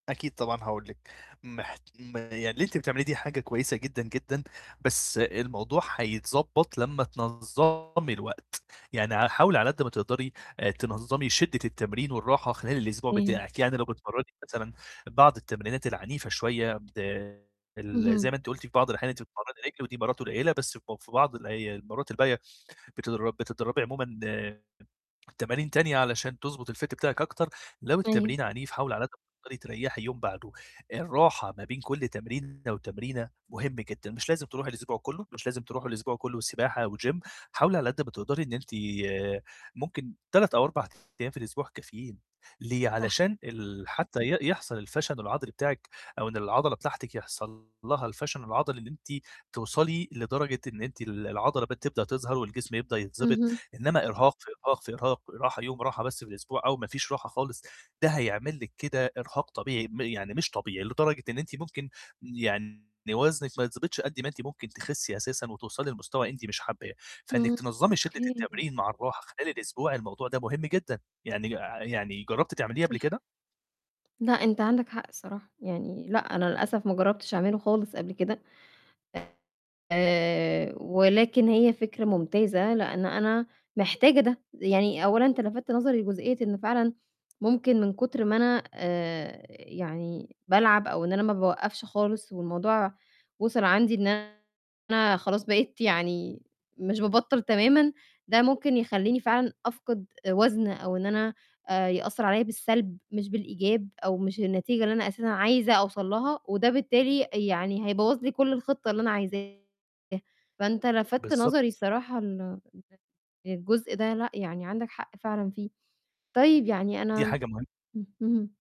أكيد طبعًا هاقول لِك، محت م يعني اللي أنتِ بتعمليه دي حاجة كويسة جدًا، جدًا، بس الموضوع هيتضبّط لمّا تنظّمي الوقت، يعني ع حاولي على قد ما تقدري آآ تنظّمي شدة التمرين والراحة خلال الأسبوع إمم. بتاعِك، يعني لو بتتمرّني مثلًا بعض التمرينات العنيفة شوية، بد ال زي اهم. ما أنتِ قُلتِ في بعض الأحيان أنتِ بتتمرّني رِجل ودي مرّات قليّلة بس ب في بعض الأي المرّات الباقية بتدر بتدرّبي عمومًا آآ تمارين تانية علشان تضبط الfit بتاعِك أكتر، لو طيب. التمرين عنيف حاولي على قد ما تقدري تريّحي يوم بعده، الراحة ما بين كلّ تمرينة وتمرينة مهم جدًا، مش لازم تروحي الأسبوع كلّه، مش لازم تروحي الأسبوع كلّه سباحة وgym، حاولي على قد ما تقدري إن أنتِ آآ ممكن 3 أو 4 أيام في الأسبوع كافيين، ليه؟ صح. علشان ال حتّى ي يحصل الفشل العضلي بتاعِك، أو إن العضلة بتاعتِك يحصل لها الفشل العضلي اللي أنتِ توصلي لدرجة إن أنتِ ال العضلة ب تبدأ تظهر والجسم يبدأ يتضبط، اهم. إنما إرهاق، في إرهاق، في إرهاق، راحة يوم راحة بس في الأسبوع أو ما فيش راحة خالص ده هيعمل لِك كده إرهاق طبيعي، م يعني مش طبيعي، لدرجة إن أنتِ ممكن يعني وزنِك ما يتضبطش قد ما أنتِ ممكن تخسّي أساسًا وتوصلي لمستوى أنتِ مش حاباه، فإنِّك إمم. تنظّمي شدة أوكي. التمرين مع الراحة خلال الأسبوع الموضوع ده مهم جدًا، يعني ع يعني جرّبتِ تعمليه قبل صح. كده؟ لأ، أنت عندك حق الصراحة، يعني لأ أنا للأسف ما جرّبتش أعمله خالص قبل كده، آآ ولكن هي فكرة ممتازة، لإن أنا محتاجة ده، يعني أولًا أنت لفتت نظري لجزئية إن فعلًا ممكن من كتر ما أنا آآ يعني بالعب أو إن أنا ما باوقّفش خالص، والموضوع وصل عندي إن أنا خلاص بقيت يعني مش بابطّل تمامًا، ده ممكن يخلّيني فعلًا أفقد وزن أو إن أنا آآ يأثّر عليَّ بالسلب مش بالإيجاب، أو مش النتيجة اللي أنا أساسًا عايزة أوصل لها، وده بالتالي يعني هيبوّظ لي كلّ الخطة اللي أنا عايزاها، فأنت لفتت نظري بالضبط. الصراحة ل [unintelligible] للجزء ده لأ، يعني عندك حق فعلًا فيه. طيب يعني دي أنا حاجة مهم إمم، اهم.